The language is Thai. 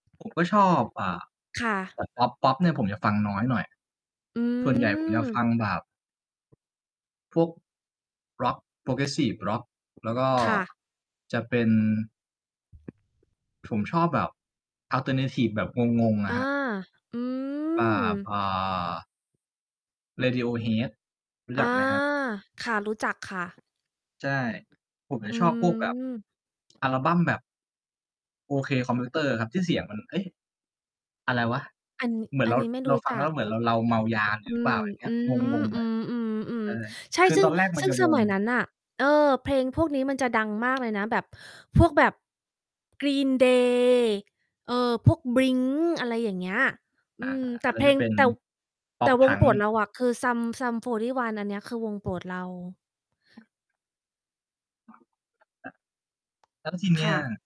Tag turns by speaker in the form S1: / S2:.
S1: ผม ก็ชอบ อ่า
S2: ค่ะ
S1: แต่ พ็อป ๆ เนี่ยผมจะฟังน้อยหน่อย
S2: อื
S1: ส่วนใหญ่ผมอยากฟ
S2: ม
S1: ังแบบ พวกร็อก Progressive Rock แล้วก็
S2: ค่ะ
S1: จะเป็น ผมชอบแบบออลเทอร์นาทิฟแบบงง ๆ อ
S2: อา
S1: ะครับ
S2: อื
S1: อ่า
S2: ม
S1: พอ Radiohead รู้
S2: อ
S1: จ
S2: า
S1: ักไหมครับ?
S2: ค่ะ รู้จักค่ะ
S1: ใช่ ผมจะ
S2: อื
S1: ชอบพวกแบบ
S2: ม
S1: อัลบั้มแบบ โอเค คอมพิวเตอร์ครับ ที่เสียงมัน เฮ้ย อะไรวะ
S2: อัน น
S1: เหมือ
S2: อ
S1: น
S2: ั
S1: เร
S2: น
S1: า
S2: นี้ไม่
S1: เ
S2: ร
S1: ร
S2: ู
S1: า
S2: ้
S1: ฟั
S2: จ
S1: งแ
S2: ั
S1: ล
S2: ก
S1: ้วเหมือนเรา เราเมายา
S2: อ
S1: หร
S2: ื
S1: ือ เปล่
S2: ม
S1: า อย่างเงี้
S2: อื
S1: ย ง
S2: ม
S1: ง
S2: อื
S1: ๆ อะ ใช
S2: ม
S1: ่
S2: ๆ ๆ ใช่
S1: คือ
S2: ซึ่
S1: ต
S2: ง
S1: อนแรกมั
S2: ซ
S1: น
S2: ึ่
S1: จ
S2: ง
S1: ะ
S2: ส
S1: ง
S2: ม
S1: ง
S2: ัยนั้นน่ะ เออ เพลงพวกนี้มันจะดังมากเลยนะ แบบพวก แบบ Green day เออ พวก Blink อะไรอย่างเงี้ย อื
S1: อา
S2: ม แต
S1: อ
S2: ่
S1: ันน
S2: เ
S1: ั้
S2: พ
S1: น
S2: ล
S1: จะ
S2: ง
S1: เป็น
S2: แต่ แต่
S1: pop
S2: วงโป
S1: punk
S2: รด เราอะ คือ Sum Sum 41 อันเนี้ย คือวงโปรดเรา
S1: แล้วทีเน
S2: ค
S1: ี้
S2: ่
S1: ย
S2: ะ